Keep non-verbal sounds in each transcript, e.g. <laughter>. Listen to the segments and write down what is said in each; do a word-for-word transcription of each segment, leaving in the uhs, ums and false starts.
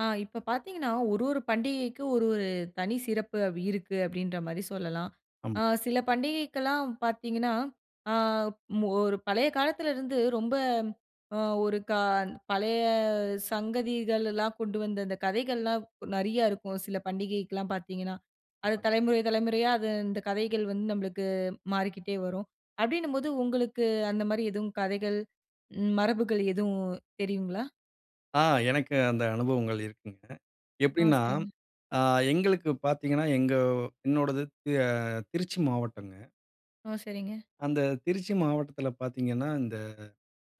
அ இப்போ பாத்தீங்கன்னா ஒரு ஒரு பண்டிகைக்கும், ஒரு ஒரு தனி சிறப்பு இருக்கு! அப்டின்ற மாரி சொல்லலாம். ஆம். ஆ சில பண்டிகைக்கெல்லாம் பாத்தீங்கன்னா, ஆ ஒரு பழைய காலத்துல இருந்து ரொம்ப அ ஒரு கா பழைய சங்கதிகள் எல்லாம் கொண்டு வந்து அந்த கதைகள்லாம் நெறையா இருக்கும். சில பண்டிகைக்கெல்லாம் பாத்தீங்கன்னா, அது தலைமுறை தலைமுறையா அது இந்த கதைகள் வந்து நம்பளுக்கு மாறிக்கிட்டே வரும். அப்டின்னும்போது உங்களுக்கு, அந்த மாரி எதும் கதைகள், மரபுகள் எதுவும் தெரியுங்களா? ஆ எனக்கு அந்த அனுபவங்கள் இருக்குங்க. ஆ, எப்டின்னா சரிங்க. ஆ எங்களுக்கு பாத்தீங்கன்னா, எங்க என்னோடது ஆ திருச்சி மாவட்டங்க. ஆ, சரிங்க. அந்த திருச்சி மாவட்டத்தில பாத்தீங்கன்னா, இந்த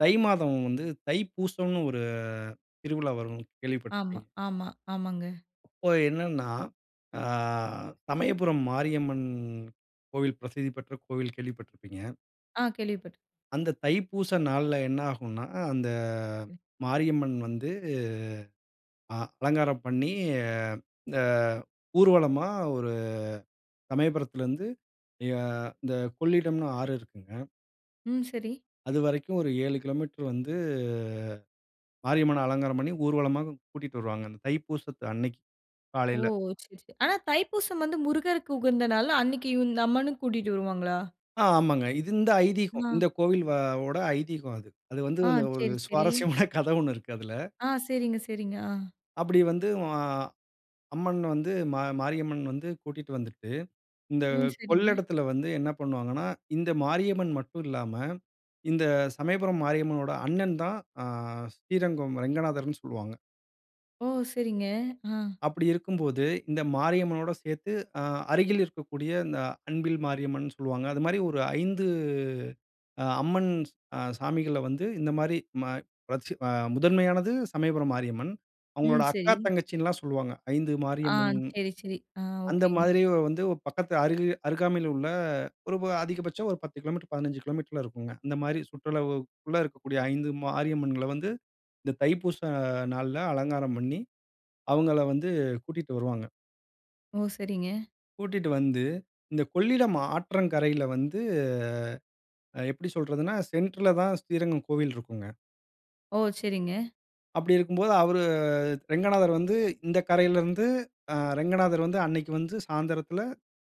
தை மாதம் வந்து, தைப்பூசம்னு ஒரு திருவிழா வரும் ஆமா, கேள்விப்பட்டுருப்பீங்க. ஆமா, ஆமாங்க. அப்போ என்னன்னா, ஆ சமயபுரம் மாரியம்மன் கோவில் பிரசித்தி பெற்ற கோவில் கேள்விப்பட்டுருப்பீங்க. ஆ கேள்விப்பட் அந்த தைப்பூசை நாள்ல என்ன ஆகுன்னா, அந்த அ. மாரியம்மன் வந்து, அ அலங்காரம் பண்ணி அ ஊர்வலமா ஒரு சமயபுரத்தில இருந்து ய இந்த கொள்ளிடம்னு ஆறு இருக்குங்க. ம் சரி. அதுவரைக்கும் ஒரு ஏழு கிலோமீட்டர் வந்து மாரியம்மன அலங்காரம் பண்ணி ஊர்வலமா கூட்டிட்டு வருவாங்க. அந்த தைப்பூசத்து அன்னைக்கு ஓ! காலையில. சரி, சரி. ஆனா தைப்பூசம் வந்து முருகருக்கு உகந்த நாள், அன்னைக்கு இந்த அம்மனும் கூட்டிட்டு வருவாங்களா? ஆமாங்க. இது இந்த ஐதீகம். அ. இந்த கோவில்வவோட ஐதீகம் அது. அது வந்து ஆ. வந்துஒரு சரி, சரி. சுவாரஸ்யமான <chuckles> கதை ஒண்ணு இருக்கு அதுல. ஆ. சரிங்க, சரிங்க. ஆ. அப்டி வந்து வா அம்மன் வந்து ம மாரியம்மன் வந்து கூட்டிட்டு வந்துட்டு, இந்த ம். சரிங்க. கொள்ளிடத்தில வந்து என்ன பண்ணுவாங்கன்னா, இந்த மாரியம்மன் மட்டும் இல்லாம இந்த சமயபுரம் மாரியம்மனோட அண்ணன் தான், ஆ ஸ்ரீரங்கம் ரங்கநாதர்ன்னு சொல்லுவாங்க. ஓ! சரிங்க. ஆ. அப்படி இருக்கும்போது இந்த மாரியம்மனோட சேர்த்து, அ அருகில் இருக்கக்கூடிய இந்த அன்பில் மாரியம்மன்னு சொல்லுவாங்க. அது மாரி ஒரு ஐந்து அ அம்மன் ஸ் அ சாமிகள வந்து இந்த மாரி ம வச்சு அ முதன்மையானது சமயபுரம் மாரியம்மன். ம், அவங்களோட அக்கா சரி. தங்கச்சின்னுல்லாம் சொல்லுவாங்க, ஐந்து ஆ, மாரியம்மன். சரி, சரி. ஆ, அந்த ஓகேங்க. மாதிரி வந்து பக்கத்து அருகா அருகாமையில உள்ள ஒரு வ அதிகபட்சம் ஒரு பத்து கிலோமீட்டர், பதினெஞ்சு கிலோமீட்டர்ல இருக்கும்ங்க. இந்த மாரி சுற்றளவுக்குக்குள்ள இருக்கக்கூடிய ஐந்து மரியம்மன்கள வந்து இந்த தைப்பூசம் நாள்ல அலங்காரம் பண்ணி, அவங்கள வந்து கூட்டிட்டு வருவாங்க. ஓ! சரிங்க. கூட்டிட்டு வந்து இந்த கொள்ளிடம் ஆற்றங்கரையில வந்து அ எப்டி சொல்றதுன்னா சென்ட்ர்ல தான் ஸ்ரீரங்கம் கோவில் இருக்குங்க. ஓ! சரிங்க. அப்டி இருக்கும்போது அவரு ரெங்கநாதர் வந்து இந்த கரையில இருந்து அ ரெங்கநாதர் வந்து அன்னைக்கி வந்து சாந்திரத்துல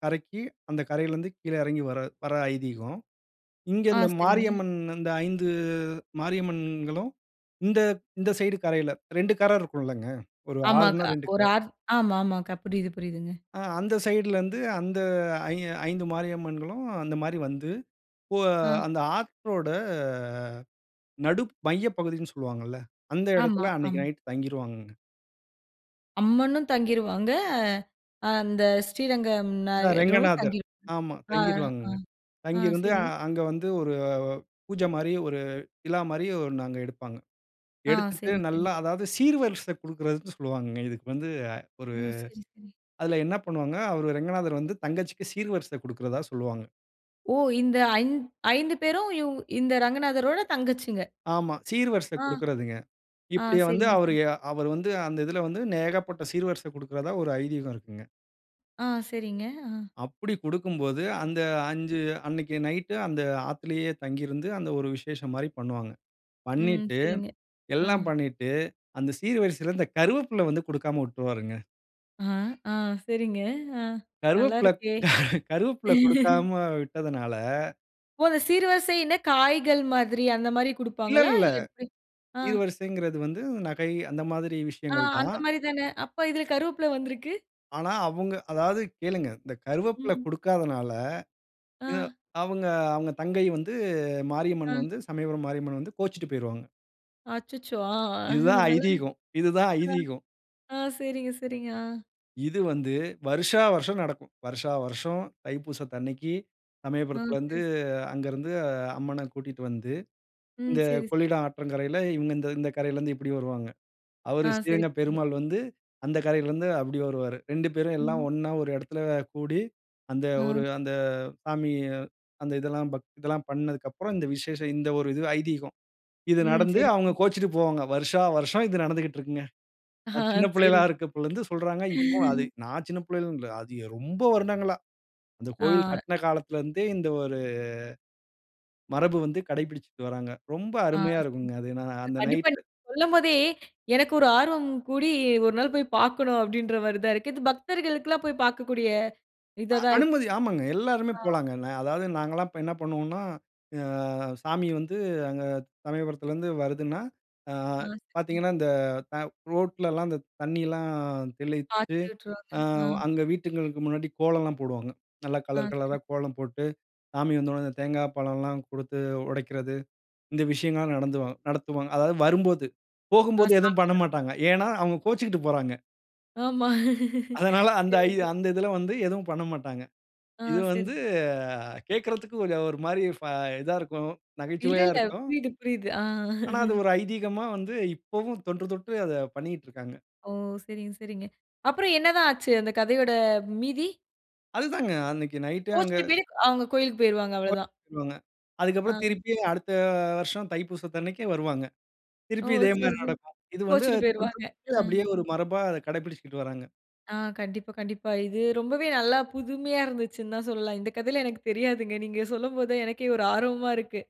கரைக்கி அந்த கரையில இருந்து கீழே எறங்கி வர வர்ற ஐதீகம். இங்க ஆ இந்த சரிங்க. மாரியம்மன் இந்த ஐந்து மாரியம்மன்களும் இந்த இந்த சைடு கரையில ரெண்டு கர இருக்குல்லங்க. ஒரு ஆமா ஆறுன்னா கா ரெண்டு கர. ஒரு ஆற் ஆமா மா கா புரியிது, புரியிதுங்க. ஆ அந்த சைடுல இருந்து அந்த ஐ ஐந்து மாரியம்மன்களும் அந்த மாரி வந்து, அ. அந்த போ ஆற்றோட நடு மைய பகுதின்னு சொல்லுவாங்கல்ல, அந்த ஆமா, எடத்ல அன்னைக்கி ஆம். நைட்டு தங்கிருவாங்கங்க. அம்மனும் தங்கிருவாங்க, அ அந்த ஸ்ரீரங்கம் அ நாயரும் ரெங்கநாதர் தங்கிருவாங்க ஆமா ஆ தங்கிருவாங்கங்க. ஆ அ தங்கியிருந்து சரி. அங்க வந்து ஒரு பூஜ மாரி ஒரு விழா மாரி ஒன்னு அங்க எடுப்பாங்க. ஆ எடுத்துட்டு சரி, சரி. நல்லா அதாவது சீர்வரிசை குடுக்கிறதுன்னு சொல்வாங்கங்க இதுக்கு வந்து ஒரு ஓ! சரி, சரி, சரி. அதுல என்ன பண்ணுவாங்க அவரு ரெங்கநாதர் வந்து தங்கச்சிக்கு சீர்வரிசை குடுக்கிறதா சொல்வாங்க. ஓ! இந்த அஞ் ஐந்து பேரும், இவ் இந்த ரங்கநாதரோட தங்கச்சிங்க. ஆமா. சீர்வரிசை ஆ. குடுக்குறதுங்க. ஆ இப்படிய வந்து சரிங்க, அவர் சரி. எ அவர் வந்து, அந்த இதில வந்து நேகப்பட்ட சீர்வரிசை குடுக்குறதா ஒரு ஐதீகம் இருக்குங்க. ஆ சரிங்க, ஆ. அப்படி குடுக்கும்போது, அந்த அஞ்சு அன்னைக்கு நைட்டு அந்த ஆத்துலயே தங்கி இருந்து, அந்த ஒரு விசேஷம் மாரி பண்ணுவாங்க. ம். பண்ணீட்டு சரிங்க. ஆ. எல்லாம் பண்ணிட்டு, அந்த சீர்வரிசையில இந்த கருவேப்பில வந்து குடுக்காம வுட்ருவாருங்க. ஆ. ஆ. சரிங்க. ஆ நல்லா கருவேப்பில இருக்கே. <laughs> கருவேப்பில <laughs> குடுக்காம விட்டதுனால ஒரு சீர்வரிசைன்னா, காய்கள் மாதிரி. அந்த மாரி இல்ல குடுப்பாங்களா? இல்ல. இல்ல எப்படி? ஆ. சீர்வரிசைங்கறது வந்து, நகை அந்த மாதிரி ஆ. விஷயங்கள் தான். அந்த மாரி தானே. அப்ப, இதில கருவப்பிலை வந்திருக்கு. ஆனா, அவுங்க அதாவது கேளுங்க. இந்த கருவேப்பில ம். குடுக்காதனால, எ ஆ. அவுங்க அவுங்க தங்கை வந்து, மாரியம்மன் ஆ. வந்து சமயபுரம் மாரியம்மன் வந்து, கோச்சுட்டு போயிருவாங்க. அச்சச்சோ! ஆ இது தான் நல்லா ஐதீகம் இது தான் ஐதீகம். ஆ. ஆ சரிங்க, சரிங்க. ஆ. இது வந்து, வருஷா வருஷம் நடக்கும். வருஷா வருஷம் தைப்பூசத்து அன்னைக்கு, ஆ. சமயபுரத்திலருந்து பேஸ் அங்க இருந்து அம்மன கூட்டிட்டு வந்து, ம். இந்த சரி, சரி. கொள்ளிடம் ஆற்றங்கரையில, இவங்க இந்த இந்த கரையிலருந்து இப்படி வருவாங்க. அவரு ஆ சரி, ஸ்ரீரங்கப் புரியுது. பெருமாள் வந்து, அந்த கரையிலருந்து அப்படி வருவாரு. ரெண்டு பேரும் எல்லாம் ம். ஒண்ணா ஒரு இடத்தில கூடி, அந்த ஒரு ஆ. அந்த சாமி அந்த இதெல்லாம் பக் இதெல்லாம் பண்ணதுக்கப்புறம், இந்த விசேஷம். இந்த ஒரு இது ஐதீகம். இது ம். நடந்து சரி, அவுங்க புரியுது. கோச்சுட்டு போவாங்க. வருஷா வருஷம் இது நடந்துகிட்ருக்குங்க. அஹா. நான் சின்ன பிள்ளைகளா சரி. இருக்கப்போலருந்து சொல்றாங்க. இப்போ, அது <laughs> நான் சின்ன பிள்ளையிலன்னு இல்ல, அது எ ரொம்ப வருடங்களா. இந்த கோயில் ஆ. கட்டுன காலத்திலருந்தே, இந்த ஒரு மரபு வந்து கடைபிடிச்சுட்டு வர்றாங்க. ரொம்ப ஆ அருமையா சரி. இருக்கும்ங்க. அது ந இது அந்த கண்டிப்பா நைட். நீங்க சொல்லும்போதே, எனக்கு ஒரு ஆர்வம் கூடி, "ஒரு நாள் போய் பாக்கணும்." அப்படீன்ற மாரி தான் இருக்கு. இது பக்தர்களுக்குலாம் போய் பார்க்கக்கூடிய, அ இதா தான் இருக் அனுமதி. ஆமாங்க. எல்லாருமே ஆ. போலாங்க. நா அதாவது நாங்கல்லாம் இப்ப என்ன பண்ணுவோன்னா, அ சாமி வந்து அங்க சமயபுரத்திலருந்து வருதுன்னா, ஆ ஆ சரிங்க. பாத்தீங்கன்னா இந்த த ரோட்லலாம் அந்த தண்ணியெல்லாம் தெளித்து, <unintelligible> விட்டுருவாங்க. அ ஆமா. அங்க வீட்டுங்களுக்கு முன்னாடி கோலம்லாம் போடுவாங்க. நல்லா ஆ கலர் சரி. கலரா கோலம் போட்டு, சாமி வந்தவுடனே இந்த தேங்கா பழம்லாம் குடுத்து உடைக்கிறது. இந்த விஷயங்கள்லாம் நடந்துவாங்க நடத்துவாங்க. அதாவது வரும்போது, ஆ போகும்போது எதுவும் சாமி வரம்போது. பண்ணமாட்டாங்க. ஏன்னா, அவங்க கோச்சுக்கிட்டு போறாங்க. ஆமா. அதனால அந்த சரியா சொன் அந்த இதுல வந்து எதுவும் பண்ணமாட்டாங்க. ஆ இது சரி. வந்து சரி. <chuckles> கேட்கறதுக்கு ஒரு மாரி ஃப் இதா இருக்கும். இல்ல, நகைச்சுவையா இல்ல. இருக்கும். புரியுது, புரியுது. ஆ. ஆனா அது <laughs> ஒரு ஐதீகமா வந்து இப்போ தொன்று தொட்டு அத பண்ணிட்டுருக்காங்க. ஓ! சரிங்க, சரிங்க. அப்புறம் என்னதான் ஆச்சு அந்த கதையோட மீதி. அதுதாங்க அன்னைக்கு நைட் அங்க கோச்சுக்கிட்டு அவங்க கோவிலுக்கு போயிருவாங்க ஒ <unintelligible> அவ்வளதான். பண்ணுவாங்க. ஆ. அதுக்கப்புறம் திருப்பியும் அடுத்த வருஷம் தைப்பூசத்த அன்னைக்கு வருவாங்க. ஓ! திருப்பியும் இதே சரி, மாரி சரி. நடக்கும் இது வந்து கோச்சுட்டு தொன்று போயிருவாங்க. தொட்டு ஆ. அப்டியே ஒரு மரபா அத கடைப்பிடிச்சிட்டு வராங்க. ஆ கண்டிப்பா, கண்டிப்பா. இது ரொம்பவே நல்லா புதுமையா இருந்துச்சுன்னு தான் சொல்லலாம். இந்த கதையிலாம் எனக்கு தெரியாதுங்க. நீங்க சொல்லும்போது தான் எனக்கே ஒரு ஆர்வமா இருக்கு.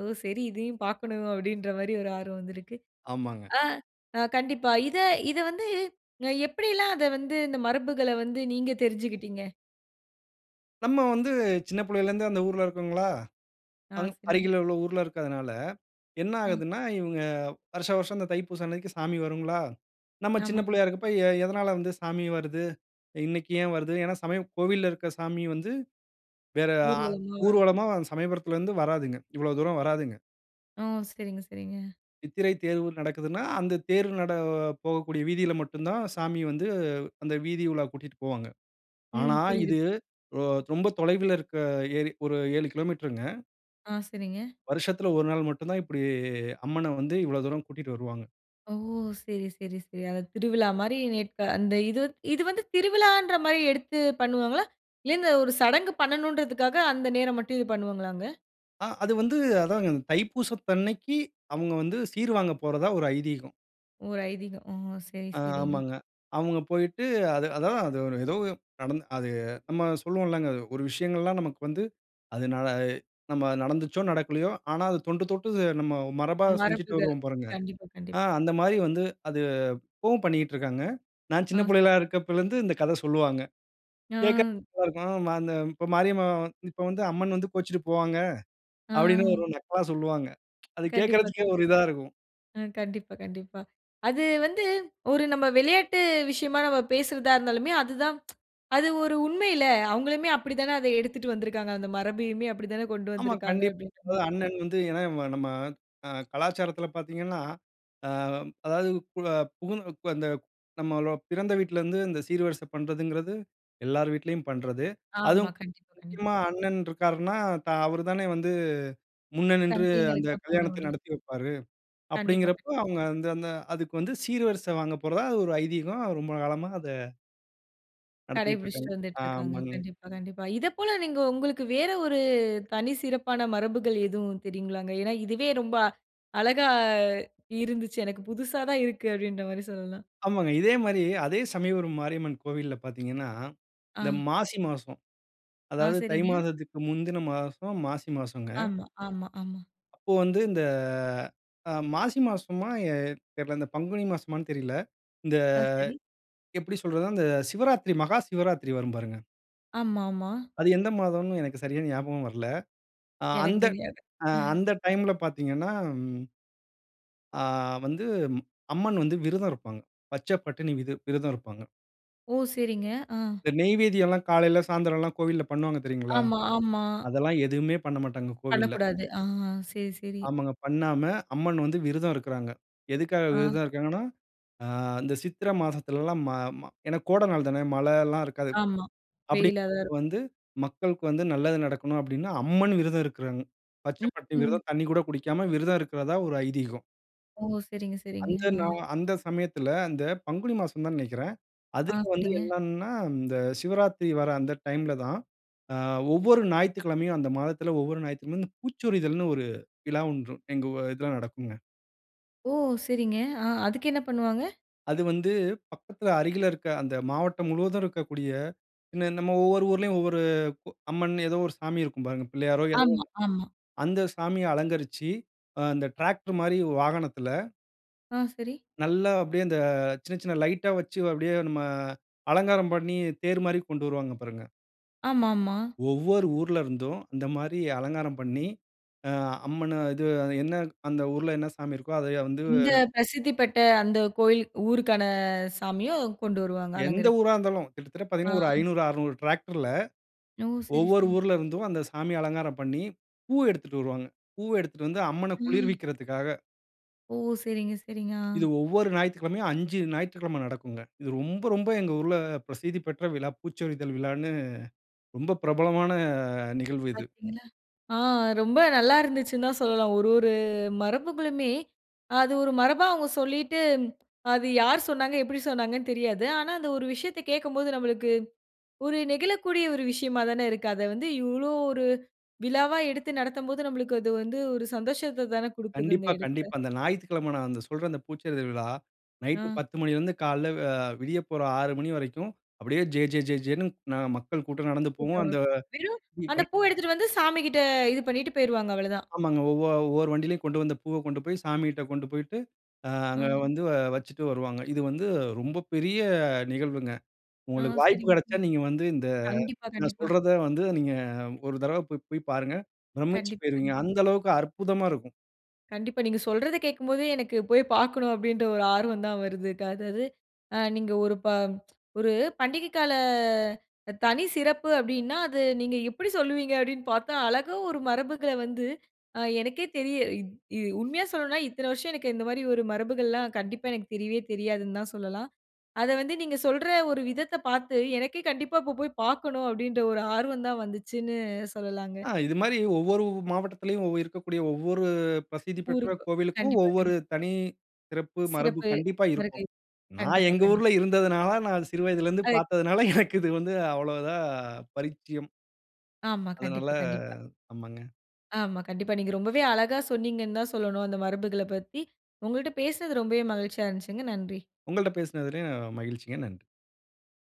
ஓ! சரி இதையும் பார்க்கணும் அப்டின்ற மாரி ஒரு ஆர்வம் வந்துருக்கு. ஆமாங்க. ஆ அ கண்டிப்பா. இத இத வந்து அ எப்டில்லாம் அத வந்து இந்த மரபுகள வந்து நீங்க தெரிஞ்சுக்கிட்டீங்க. நம்ம வந்து சின்ன புள்ளையில இருந்தே அந்த ஊருல இருக்கோங்களா. ஆ, அங் சரிங்க. அருகில உள்ள ஊருல இருக்கறதனால என்ன அ. ஆகுதுன்னா இவங்க வருஷா வருஷம் இந்த தைப்பூசம் அன்னைக்கு சாமி வருங்களா? நம்ம சின்ன ஆமாமா. புள்ளையா இருக்கப்போ, எ எதனால வந்து சாமி வருது. இன்னைக்கு ஏன் வருது. ஏனா சமயம் கோவில்ல இருக்க சாமி வந்து வேற, ஆ ஊர்வலமா. ஊர்வலமா சமயபுரத்தில இருந்து வராதுங்க இவ்ளோ தூரம் வராதுங்க. ஓ! சரிங்க, சரிங்க. சித்திரை தேர் ஊர் நடக்குதுன்னா, அந்த தேர் நட போகக்கூடிய வீதியில மட்டும் தான் சாமி வந்து அந்த வீதி உலா கூட்டிட்டு போவாங்க. ஆனா, ம். புரியிதுப் இது ரொ ரொம்ப தொலைவுல இருக்க ஏரி. ஒரு ஏழு கிலோமீட்டருங்க. ஆ, சரிங்க. வருஷத்துல ஒரு நாள் மட்டும் தான், இப்படி அம்மன வந்து இவ்வளோ தூரம் கூட்டிட்டு வருவாங்க. ஓ! சரி, சரி, சரி. அத திருவிழா மாரி நேர்த்த அந்த இது வ இது வந்து திருவிழான்ற மாரி எடுத்து பண்ணுவாங்களா? இல்ல இந்த ஒரு சடங்கு பண்ணனும்ன்றதுக்காக அந்த நேரம் மட்டும் இது பண்ணுவாங்களாங்க? ஆ. அது வந்து அதாங்க. தைப்பூசத்தன்னைக்கு, அவங்க வந்து சீர்வாங்க போறதா ஒரு ஐதீகம். ஒரு ஐதீகம். ஓ! சரி, அ சரிங்க. ஆமாங்க. அவங்க போயிட்டு அது அதான். அது ஏதோ நடந்து அது நம்ம சொல்லுவோம் இல்லங்க. ஒரு விஷயங்கள்லாம் நமக்கு வந்து அது ந அ நம்ம நடந்துச்சோ, நடக்கலையோ! ஆனா அது தொண்டு தொட்டு நம்ம மரபா செஞ்சுட்டு மரபுகள். வருவோம் பாருங்க. கண்டிப்பா கண்டிப் ஆ. அந்த மாரி வந்து அது இப்பவும் பண்ணிட்டிருக்காங்க. நான் சின்ன ஆ. புள்ளைகளா இருக்கப்போலிருந்து இந்த கத சொல்லுவாங்க. கேட்க கு ஆ. நல்லாருக்கும். "அந்த இப்ப மாரியம்மா இப்போ வந்து அம்மன் வந்து கோச்சுட்டு போவாங்க." அப்படின்னு ஆ. ஒரு நக்கலா சொல்லுவாங்க. அது கண்டிப்பா, கேட்கறதுக்கே கண் ஒரு இதா இருக்கும். ஆ. கண்டிப்பா, கண்டிப்பா. அது வந்து ஒரு நம்ப விளையாட்டு விஷயமா நம்ம பேசுறதா இருந்தாலுமே, அதுதான் <tsk> அது ஒரு உண்மைல! அவங்களுமே அப்படித்தானே அத எடுத்துட்டு வந்துருக்காங்க. அந்த மரபையுமே அப்படி தானே கொண்டு ஆமா, வந்துருக்காங்க கண்டிப் அப்படின்றமாரி. <unintelligible> அண்ணன் வந்து ஏன்னா, நம்ம அ கலாச்சாரத்தில பார்த்தீங்கன்னா, அ அதாவுது பு புகு அந்த நம்மளோ பிறந்த வீட்ல இருந்து, இந்த சீர்வரிசை பண்றதுங்கிறது எல்லார் வீட்டிலயும் பண்றது. ஆமா. அதுவும் கண்டிப்பா, கண்டிப் முக்கியமா அண்ணன் ரிக்காருன்னா, தா அவரு தானே வந்து முன்ன நின்று அந்த தங்தைகளுக்காக கல்யாணத்த பண்றமடி. நடத்தி வைப்பாரு. கண்டிப்பா, கண் அப்படிங்கிறப்போ, அவங்க அந்த அந்த அதுக்கு வந்து சீர்வரிசை வாங்க போறதா அது ஒரு ஐதீகம் ரொம்ப காலமா அத நடத்திட்ருக்காங்க. கடைபிடிச்சுட்டு வந்துட்ருக்காங்க. ஆமாங்க. கண்டிப்பா கண்டிப்பா. இத போல நீங்க உங்களுக்கு வேற ஒரு தனி சிறப்பான மரபுகள் எதுவும் தெரியுங்களாங்க? ஏன்னா இதுவே ரொம்ப அழகா இருந்துச்சு. எனக்கு புசுசா தான் இருக்கு. அப்பிடீன்ற மாரி சொல்லலாம். ஆமாங்க. இதே மாரி அதே சமயபுரம் மாரியம்மன் கோவில்ல பாத்தீங்கன்னா, இந்த ஆ. மாசி மாசம். ஆ. அதாவது தை சரிங்க. மாதத்துக்கு முந்தின மாசம் மாசி மாசங்க. ஆமா, ஆமா, ஆமா. அப்போ வந்து, இந்த அ மாசி மாசமா எ தெர்ல. இந்த பங்குனி மாசமான்னு தெரில. இந்த ஆ. சரி. எப்பிடி சொல்றதுனா? அந்த சிவராத்திரி, மகா சிவராத்திரி வரும் பாருங்க! ஆமாமா. அது எந்த மாதம்ன்னு எனக்கு சரியா ஞாபகம் வரல. அ எனக்கு அந்த தெரியாது. அ அந்த டைம்ல பாத்தீங்கன்னா ம். ஆ. வந்து அம்மன் வந்து விரதம் இருப்பாங்க. பச்ச பட்டினி விது விரதம் இருப்பாங்க. ஓ! செரிங்க. ஆ. இந்த நெய்வேதியெல்லாம் காலைல, சாயந்தரம்லாம் கோவில்ல பண்ணுவாங்க. தெரியுங்களா? ஆமா, ஆமா. அதெல்லாம் எதுவுமே பண்ண மாட்டாங்க, கோவில்ல. பண்ணக்கூடாது. ஆஹா. சரி, சரி. ஆமங்க. பண்ணாம அம்மன் வந்து விருதம் இருக்குறாங்க. எதுக்காக ஆ. விரதம் இருக்காங்கன்னா? ஆ இந்த சித்திரை மாசத்துலலாம், ம ம ஏன்னா கோட நாள் தானே! மழை எல்லாம் இருக்காது. ஆமா. அப்பிடி வெயிலா தான் இருக் வந்து மக்களுக்கு வந்து நல்லது நடக்கணும் அப்பிடீன்னு, அம்மன் விரதம் இருக்குறாங்க. பச்ச ம் பட்டினி ம். விரதம். தண்ணீ கூட குடிக்காம, விரதம் இருக்குறதா ஒரு ஐதீகம். ஓ சரிங்க, சரிங்க. அந்த ஆ. நா அந்த சமயத்ல அந்த பங்குனி மாசம் தான்னு நெனைக்கிறேன். ஆ அதுல வந்து சரிங்க. என்னன்னா, இந்த சிவராத்திரி வர்ற அந்த டைம்ல தான். அ ஒவ்வொரு ஞாயித்துக்கிழமையும் அந்த மாதத்துல அ ஒவ்வொரு ஞாயிற்றுக்கிழமையும்,"பூச்சொரிதல்ன்னு" ஒரு விழா ஒன்று, எங்க இதுல நடக்குங்க. ஓ! சரிங்க. அ அதுக்கு என்ன பண்ணுவாங்க? அது வந்து பக்கத்துல, அருகில இருக்க அந்த மாவட்டம் முழுவதும் இருக்கக்கூடிய நம்ம ஒவ்வொரு ஊருலயும், ஒவ்வொரு அம்மன் ஏதோ ஒரு சாமி இருக்கும் பாருங்க. பிள்ளையாரோ ஏதோ ஒண்ணு, ஆமா, ஆமா. அந்த சாமிய அலங்கரிச்சு, அந்த டிராக்டர் மாரி வாகனத்ல ஆ சரி. நல்லா அப்டியே அந்த சின்ன சின்ன லைட்டா வச்சு அப்டியே நம்ம, அலங்காரம் பண்ணி, தேர் மாரி கொண்டு வருவாங்க பாருங்க. ஆமாமா. ஒவ்வொரு ஊருல இருந்தும், இந்த மாரி அலங்காரம் பண்ணி, அ அம்மன இது என்ன அந்த ஊருல, என்ன சாமி இருக்கோ அத வந்து இந்த பிரசித்தி பெற்ற அந்த கோயில், ஊருக்கான சாமியும் கொண்டு வருவாங்க எந்த அலங்கரிச்சு. ஊரா இருந்தாலும், கிட்டத்தட்ட ஆ. பார்த்தீங்கன்னா ஒரு ஐந்நூறு, அறுநூறு டிராக்டர்ல ஓ! சரி, ஒவ்வொரு சரி. ஊருல இருந்தும், அந்த சாமி அலங்காரம் பண்ணி, பூ எடுத்துட்டு வருவாங்க. பூவ எடுத்துட்டு வந்து அம்மன ம். குளிர்விக்றதுக்காக. ஓ! சரிங்க, சரிங்க. இது ஆ. ஒவ்வொரு ஞாயிற்றுக்கெழமையும், ஐந்து ஞாயிற்றுக்கெழமை நடக்குங்க. இது ரொம்ப ரொம்ப எங்க ஊருல பிரசித்தி பெற்ற விழா "பூச்சொரிதல்" விழான்னு, ரொம்ப பிரபலமான நிகழ்வு இது. பார்த்தீங்களா? ஆ ரொம்ப நல்லா இருந்துச்சுன்னு தான் சொல்லலாம். ஒரு ஒரு மரபுகளுமே, அது ஒரு மரபா அவங்க சொல்லிட்டு அது யார் சொன்னாங்க? எப்டி சொன்னாங்கன்னு தெரியாது. ஆனா அந்த ஒரு விஷயத்த கேக்கும்போது நம்மளுக்கு, ஒரு நெகிழக்கூடிய ஒரு விஷயமா தானே இருக்கு. அத வந்து இவ்ளோ ஒரு விழாவா எடுத்து நடத்தம்போது, நம்மளுக்கு அது வந்து ஒரு சந்தோஷத்த தானே குடுக்குது அந்த கண்டிப்பா, கண்டிப்பா. எடத்ல. அந்த ஞாயிற்றுக்கிழமை நான் சொல்ற அந்த பூச்செரிதல் விழா, நைட் ஆ. பத்து மணியில இருந்து காலையில விடியப்போற ஆறு மணி வரைக்கும், அப்டியே "ஜே ஜே ஜே ஜெ"ன்னு மக்கள் கூட்டம் நடந்து போகும். அந்த வெறும் அந்த <unintelligible> பூவ எடுத்துட்டு வந்து சாமிகிட்ட இது பண்ணிட்டு போய்ருவாங்க அவ்வளவுதான். ஆமாங்க. ஒவ்வொரு ஒவ்வொரு வண்டியிலயும், கொண்டு வந்த பூவ கொண்டு போய் சாமிட்ட கொண்டு போய்ட்டு, ஆ. அங்க வந்து வச்சிட்டு வருவாங்க. இது வந்து ரொம்ப பெரிய நிகழ்வுங்க. ஆ உங்களுக்கு வாய்ப்பு சரிங்க. கிடைச்சா நீங்க வந்து, இந்த கண்டிப்பா, நான் கண்டிப்பா. சொல்றத வந்து நீங்க ஒரு தடவ போய் போய் பாருங்க. பிரம்மிச்சு கண்டிப்பா, போய்ருவீங்க! கண்டிப்பா. அந்த அளவுக்கு அற்புதமா இருக்கும். கண்டிப்பா நீங்க சொல்றத கேக்கும்போதே, எனக்கு போய் பார்க்கணும் அப்டின்ற ஒரு ஆர்வம் தான் வருது. <unintelligible> அதாவது நீங்க ஒரு <tsk> ஒரு பண்டிகை கால தனி சிறப்பு அப்டின்னா, அத நீங்க எப்டி சொல்வீங்க அப்டின்னு பார்த்தா, அழகா ஒரு மரபுகள வந்து எனக்கே தெரிய உண்மையா சொல்லனும்னா, இத்தன வருஷம் எனக்கு இந்த மாதிரி ஒரு மரபுகள்லாம் கண்டிப்பா எனக்கு தெரியவே தெரியாதுன்னு தான் சொல்லலாம். அத வந்து நீங்க சொல்ற ஒரு விதத்த பார்த்து, எனக்கே கண்டிப்பா இப்ப போய் பார்க்கனும் அப்டின்ற, ஒரு ஆர்வம் தான் வந்துச்சுன்னு சொல்லலாங்க. ஆ இது மாதிரி ஒவ்வொரு மாவட்டத்திலயும் இருக்கக்கூடிய, ஒவ்வொரு பிரசித்தி பெற்ற ஊருக்கு கோவிலுக்கும், கண்டிப்பா, ஒவ்வொரு கண்டிப்பா. தனி சிறப்பு மரபு சிறப்பு கண்டிப்பா இருக்கும். வருகை. நான் கண்டிப்பா, எங்கள் கண்டிப்பா. ஊருல இருந்ததுனால, நான் சிறு வயதிலருந்து <unintelligible> பார்த்ததுனால, <chuckles> எனக்கு இது வந்து அவ்வளவுதான் பரிச்சயம். ஆமா. அதனால கண்டிப்பா, கண்டிப்பா. ஆமாங்க. ஆமா. கண்டிப்பா நீங்க ரொம்பவே அழகா சொன்னீங்கன்னு தான் சொல்லணும் அந்த மரபுகளப் பத்தி. உங்ககிட்ட பேசுனது ரொம்பவே மகிழ்ச்சியா இருந்துச்சுங்க. நன்றி. உங்கள்ட்ட பேசுனதுல மகிழ்ச்சிங்க நன்றி.